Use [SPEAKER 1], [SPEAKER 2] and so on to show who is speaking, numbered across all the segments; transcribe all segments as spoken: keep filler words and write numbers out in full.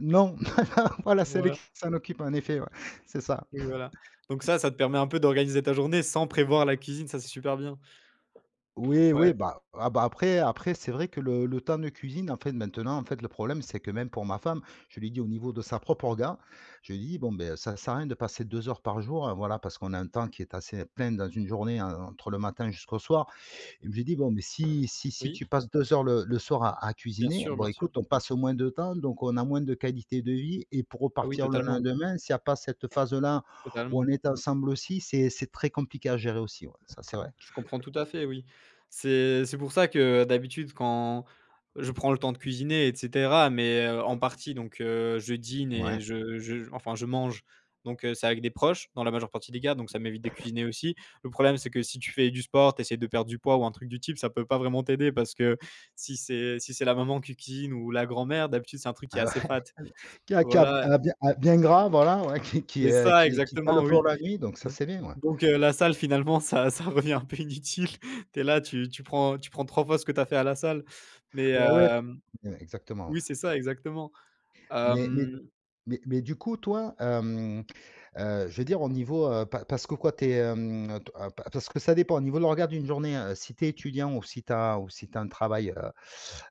[SPEAKER 1] Non voilà c'est elle
[SPEAKER 2] Voilà.
[SPEAKER 1] qui s'en occupe, en effet ouais, c'est ça.
[SPEAKER 2] Oui voilà donc ça ça te permet un peu d'organiser ta journée, sans prévoir la cuisine, ça c'est super bien.
[SPEAKER 1] Oui,
[SPEAKER 2] Ouais.
[SPEAKER 1] oui, bah, ah bah, après après c'est vrai que le le temps de cuisine en fait, maintenant, en fait, le problème c'est que même pour ma femme je lui ai dit au niveau de sa propre orga, je lui ai dit: «Bon, beh, ça sert à rien de passer deux heures par jour». Voilà, parce qu'on a un temps qui est assez plein dans une journée, en entre le matin jusqu'au soir et je lui ai dit: «Bon, mais si si si
[SPEAKER 2] Oui.
[SPEAKER 1] tu passes deux heures, le le soir à à
[SPEAKER 2] Bien
[SPEAKER 1] cuisiner,
[SPEAKER 2] sûr,
[SPEAKER 1] bon
[SPEAKER 2] bien sûr.
[SPEAKER 1] écoute, on passe moins de temps, donc on a moins de qualité de vie», et pour
[SPEAKER 2] Ah oui,
[SPEAKER 1] repartir le
[SPEAKER 2] totalement.
[SPEAKER 1] lendemain, s'il y a pas cette phase-là, où on
[SPEAKER 2] Totalement.
[SPEAKER 1] est ensemble aussi. C'est c'est très compliqué à gérer aussi ouais ça c'est vrai.
[SPEAKER 2] Je comprends tout à fait, oui. C'est c'est pour ça que d'habitude quand je prends le temps de cuisiner et cetera, mais, heu, en partie donc heu, je dîne
[SPEAKER 1] Ouais.
[SPEAKER 2] et je je enfin je mange, donc c'est avec des proches, dans la majeure partie des cas, donc ça m'évite de cuisiner aussi. Le problème c'est que si tu fais du sport, tu essaies de perdre du poids ou un truc du type, ça peut pas vraiment t'aider parce que si c'est si c'est la maman qui cuisine ou la grand-mère, d'habitude c'est un truc qui est
[SPEAKER 1] Ah,
[SPEAKER 2] assez
[SPEAKER 1] ouais.
[SPEAKER 2] fat
[SPEAKER 1] Qui a qui a elle
[SPEAKER 2] voilà.
[SPEAKER 1] a bien a bien gras, voilà, ouais qui qui,
[SPEAKER 2] C'est
[SPEAKER 1] heu,
[SPEAKER 2] ça
[SPEAKER 1] qui cale,
[SPEAKER 2] exactement,
[SPEAKER 1] heu,
[SPEAKER 2] oui.
[SPEAKER 1] pour la nuit, donc ça c'est bien, ouais.
[SPEAKER 2] Donc heu, la salle finalement, ça ça revient un peu inutile. Tu es là, tu tu prends tu prends trois fois ce que tu as fait à la salle mais
[SPEAKER 1] Ouais, ouais.
[SPEAKER 2] hem
[SPEAKER 1] Exactement, ouais.
[SPEAKER 2] oui, c'est ça, exactement.
[SPEAKER 1] Mais mais
[SPEAKER 2] Mmh
[SPEAKER 1] mais mais du coup toi, hem, heu, je veux dire au niveau, heu, pa parce que quoi tu es, hem t ah pa parce que ça dépend au niveau de l'orga d'une journée, heu, si tu es étudiant ou si tu as ou si tu as un travail, heu,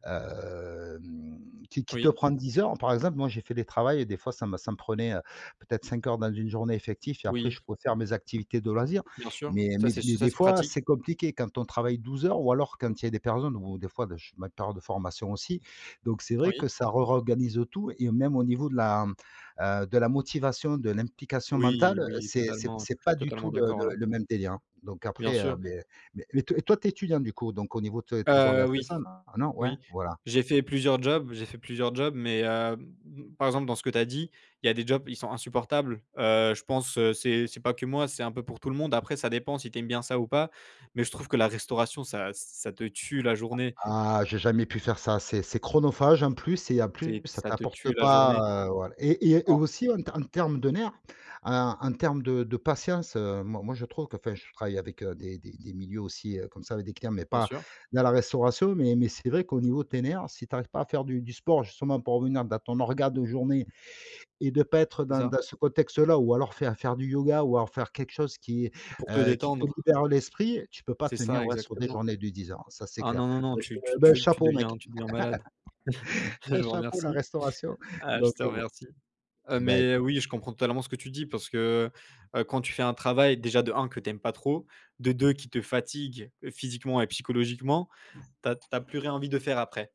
[SPEAKER 1] hem, qui qui te
[SPEAKER 2] Oui.
[SPEAKER 1] prend dix heures par exemple, moi j'ai fait des travails et des fois ça ça me prenait, heu, peut-être cinq heures dans une journée effectif et après
[SPEAKER 2] Oui.
[SPEAKER 1] je pouvais faire mes activités de loisirs
[SPEAKER 2] Bien sûr,
[SPEAKER 1] mais
[SPEAKER 2] ça
[SPEAKER 1] mais
[SPEAKER 2] c'est s
[SPEAKER 1] mais
[SPEAKER 2] ça
[SPEAKER 1] des
[SPEAKER 2] c'est
[SPEAKER 1] fois,
[SPEAKER 2] pratique.
[SPEAKER 1] c'est compliqué, quand on travaille douze heures ou alors quand il y a des personnes ou des fois, bah je fais ma période de formation aussi. Donc c'est vrai que
[SPEAKER 2] Oui.
[SPEAKER 1] ça rorganise tout et même au niveau de la, heu, de la motivation, de l'implication
[SPEAKER 2] Oui,
[SPEAKER 1] mentale, heu,
[SPEAKER 2] oui,
[SPEAKER 1] c'est c'est
[SPEAKER 2] totalement,
[SPEAKER 1] c'est pas du
[SPEAKER 2] totalement
[SPEAKER 1] tout le
[SPEAKER 2] d'accord là.
[SPEAKER 1] le le même délire, hein donc
[SPEAKER 2] Bien
[SPEAKER 1] après, heu,
[SPEAKER 2] sûr.
[SPEAKER 1] beh beh, mais tu es étudiant du coup? Donc au niveau de tes orga
[SPEAKER 2] Heu,
[SPEAKER 1] c'est
[SPEAKER 2] oui,
[SPEAKER 1] ça? Ah, non? Ouais,
[SPEAKER 2] oui,
[SPEAKER 1] voilà.
[SPEAKER 2] j'ai fait plusieurs jobs j'ai fait plusieurs jobs, mais heu, m m par exemple dans ceux que tu as dit, il y a des jobs, ils sont insupportables. Heu, je pense c'est c'est pas que moi, c'est un peu pour tout le monde. Après ça dépend si tu aimes bien ça ou pas, mais je trouve que la restauration ça ça te tue la
[SPEAKER 1] Ah
[SPEAKER 2] journée.
[SPEAKER 1] ah j'ai jamais pu faire ça. C'est c'est chronophage en plus c'est en plus
[SPEAKER 2] C'est
[SPEAKER 1] ça
[SPEAKER 2] ça te tue
[SPEAKER 1] t'apporte
[SPEAKER 2] la journée.
[SPEAKER 1] pas, heu, voilà et et
[SPEAKER 2] En
[SPEAKER 1] aussi en t en terme de nerfs, en en termes de de patience, heu, moi moi je trouve qu'enfin je travaille avec, heu, des des des milieux, heu, aussi comme ça avec des clients, mais
[SPEAKER 2] Bien
[SPEAKER 1] pas
[SPEAKER 2] sûr.
[SPEAKER 1] dans la restauration, mais mais c'est vrai qu'au niveau de tes nerfs. Si tu arrives pas à faire du du sport justement pour revenir dans ton orga de journée et de pas être
[SPEAKER 2] C'est
[SPEAKER 1] dans
[SPEAKER 2] ça!
[SPEAKER 1] dans ce contexte-là ou alors faire faire du yoga ou alors faire quelque chose qui,
[SPEAKER 2] Pour te
[SPEAKER 1] heu, qui te
[SPEAKER 2] détendre.
[SPEAKER 1] libère l'esprit. Tu peux pas
[SPEAKER 2] C'est ça,
[SPEAKER 1] tenir, ouais, sur des
[SPEAKER 2] exactement.
[SPEAKER 1] journées de dix heures ça c'est
[SPEAKER 2] Ah
[SPEAKER 1] clair.
[SPEAKER 2] non, non, non,
[SPEAKER 1] Bah, je te
[SPEAKER 2] tu tu
[SPEAKER 1] beh,
[SPEAKER 2] tu tu
[SPEAKER 1] chapeau mec,
[SPEAKER 2] deviens tu deviens malade.
[SPEAKER 1] hey
[SPEAKER 2] Je vous
[SPEAKER 1] chapeau, la
[SPEAKER 2] remercie,
[SPEAKER 1] restauration
[SPEAKER 2] heu, je
[SPEAKER 1] donc
[SPEAKER 2] te
[SPEAKER 1] heu, bon.
[SPEAKER 2] remercie. Heu,
[SPEAKER 1] Bah écou
[SPEAKER 2] mais oui, je comprends totalement ce que tu dis, parce que, ben, quand tu fais un travail déjà de un que tu aimes pas trop, de deux qui te fatigue physiquement et psychologiquement tu as tu as plus rien envie de faire après.